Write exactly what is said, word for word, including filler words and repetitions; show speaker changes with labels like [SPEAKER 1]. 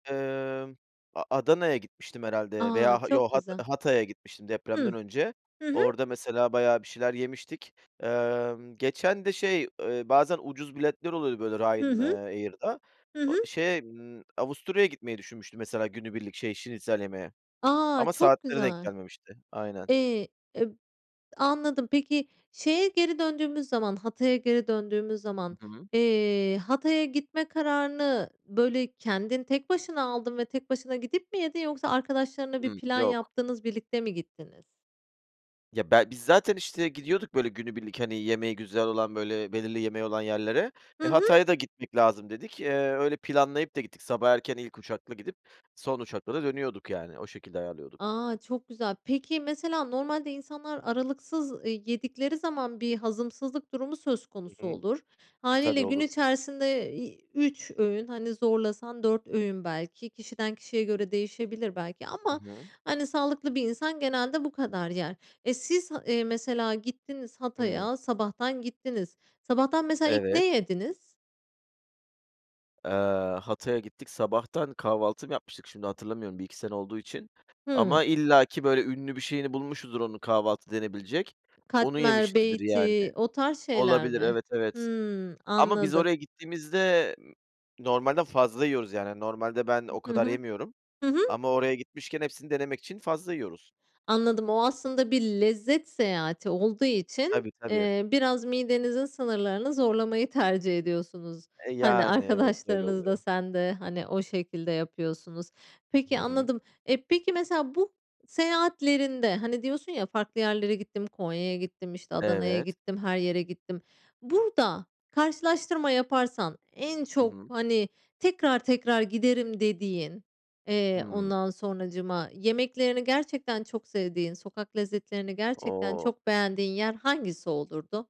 [SPEAKER 1] Emm, A Adana'ya gitmiştim herhâlde
[SPEAKER 2] A!
[SPEAKER 1] veya ha
[SPEAKER 2] Çok
[SPEAKER 1] yok Ha
[SPEAKER 2] güzel.
[SPEAKER 1] Hatay'a gitmiştim depremden
[SPEAKER 2] Hıh,
[SPEAKER 1] önce
[SPEAKER 2] hı hı.
[SPEAKER 1] orada mesela bayağı bir şeyler yemiştik. Emm, geçen de şey, eee, bazen ucuz biletler oluyor böyle
[SPEAKER 2] Hı
[SPEAKER 1] Ryan eee,
[SPEAKER 2] hı.
[SPEAKER 1] Air'da
[SPEAKER 2] Hı
[SPEAKER 1] o
[SPEAKER 2] hı.
[SPEAKER 1] şeye, ımm, Avusturya'ya gitmeyi düşünmüştüm mesela günübirlik, şey, şnitzel yemeye
[SPEAKER 2] A,
[SPEAKER 1] ama
[SPEAKER 2] çok
[SPEAKER 1] saatleri denk
[SPEAKER 2] güzel.
[SPEAKER 1] gelmemişti. Aynen.
[SPEAKER 2] Eee, eb anladım. Peki, şeye geri döndüğümüz zaman, Hatay'a geri döndüğümüz zaman,
[SPEAKER 1] Hı hı.
[SPEAKER 2] eee, Hatay'a gitme kararını böyle kendin tek başına aldın ve tek başına gidip mi yedin yoksa arkadaşlarınla bir
[SPEAKER 1] Hımm,
[SPEAKER 2] plan
[SPEAKER 1] yok.
[SPEAKER 2] yaptınız, birlikte mi gittiniz?
[SPEAKER 1] Ya, bel biz zaten işte gidiyorduk böyle günübirlik, hani, yemeği güzel olan böyle belirli yemeği olan yerlere,
[SPEAKER 2] Hı
[SPEAKER 1] eee,
[SPEAKER 2] hı.
[SPEAKER 1] Hatay'a da gitmek lazım dedik. Eee, öyle planlayıp da gittik. Sabah erken ilk uçakla gidip son uçakla da dönüyorduk yani, o şekilde ayarlıyorduk.
[SPEAKER 2] A, çok güzel. Peki, mesela normalde insanlar aralıksız, eee, yedikleri zaman bir hazımsızlık durumu söz
[SPEAKER 1] Hı
[SPEAKER 2] konusu
[SPEAKER 1] hı.
[SPEAKER 2] olur.
[SPEAKER 1] E,
[SPEAKER 2] Hâliyle
[SPEAKER 1] tabii
[SPEAKER 2] gün
[SPEAKER 1] olur.
[SPEAKER 2] içerisinde, iii, üç öğün, hani, zorlasan dört öğün belki kişiden kişiye göre değişebilir belki
[SPEAKER 1] Hı
[SPEAKER 2] ama,
[SPEAKER 1] hı.
[SPEAKER 2] hani, sağlıklı bir insan genelde bu kadar yer. E, siz, eee, mesela gittiniz
[SPEAKER 1] Hımm.
[SPEAKER 2] Hatay’a, sabahtan gittiniz. Sabahtan mesela ilk ne
[SPEAKER 1] Evet.
[SPEAKER 2] yediniz?
[SPEAKER 1] Eee, Hatay’a gittik. Sabahtan kahvaltı mı yapmıştık? Şimdi hatırlamıyorum, bir iki sene olduğu için
[SPEAKER 2] Hımm.
[SPEAKER 1] ama illaki böyle ünlü bir şeyini bulmuşuzdur, onun kahvaltı denebilecek onu
[SPEAKER 2] Katmer,
[SPEAKER 1] yemişizdir yani.
[SPEAKER 2] beyti o tarz şeyler
[SPEAKER 1] Olabilir,
[SPEAKER 2] mi?
[SPEAKER 1] evet, evet.
[SPEAKER 2] Hımm,
[SPEAKER 1] Ama biz
[SPEAKER 2] anladım.
[SPEAKER 1] oraya gittiğimizde normalden fazla yiyoruz. Yani normalde ben o
[SPEAKER 2] [unintelligible] Hı
[SPEAKER 1] kadar
[SPEAKER 2] hı,
[SPEAKER 1] yemiyorum
[SPEAKER 2] hı hı.
[SPEAKER 1] ama oraya gitmişken hepsini denemek için fazla yiyoruz.
[SPEAKER 2] Anladım, o aslında bir lezzet seyahati olduğu için,
[SPEAKER 1] Tabii, tabii.
[SPEAKER 2] eee, biraz midenizin sınırlarını zorlamayı tercih ediyorsunuz.
[SPEAKER 1] E,
[SPEAKER 2] Hani,
[SPEAKER 1] yani. Evet, öyle
[SPEAKER 2] arkadaşlarınız da
[SPEAKER 1] oluyor.
[SPEAKER 2] sen de, hani, o şekilde yapıyorsunuz. Peki,
[SPEAKER 1] Hı hı.
[SPEAKER 2] anladım. E, peki mesela bu seyahatlerinde, hani, diyorsun ya, farklı yerlere gittim, Konya'ya gittim, işte Adana'ya
[SPEAKER 1] Evet.
[SPEAKER 2] gittim, her yere gittim. Burada karşılaştırma yaparsan en
[SPEAKER 1] Hı
[SPEAKER 2] çok,
[SPEAKER 1] hı.
[SPEAKER 2] hani, tekrar tekrar giderim dediğin, eee,
[SPEAKER 1] Hımm.
[SPEAKER 2] ondan sonracığıma, yemeklerini gerçekten çok sevdiğin, sokak lezzetlerini gerçekten
[SPEAKER 1] O!
[SPEAKER 2] çok beğendiğin yer hangisi olurdu?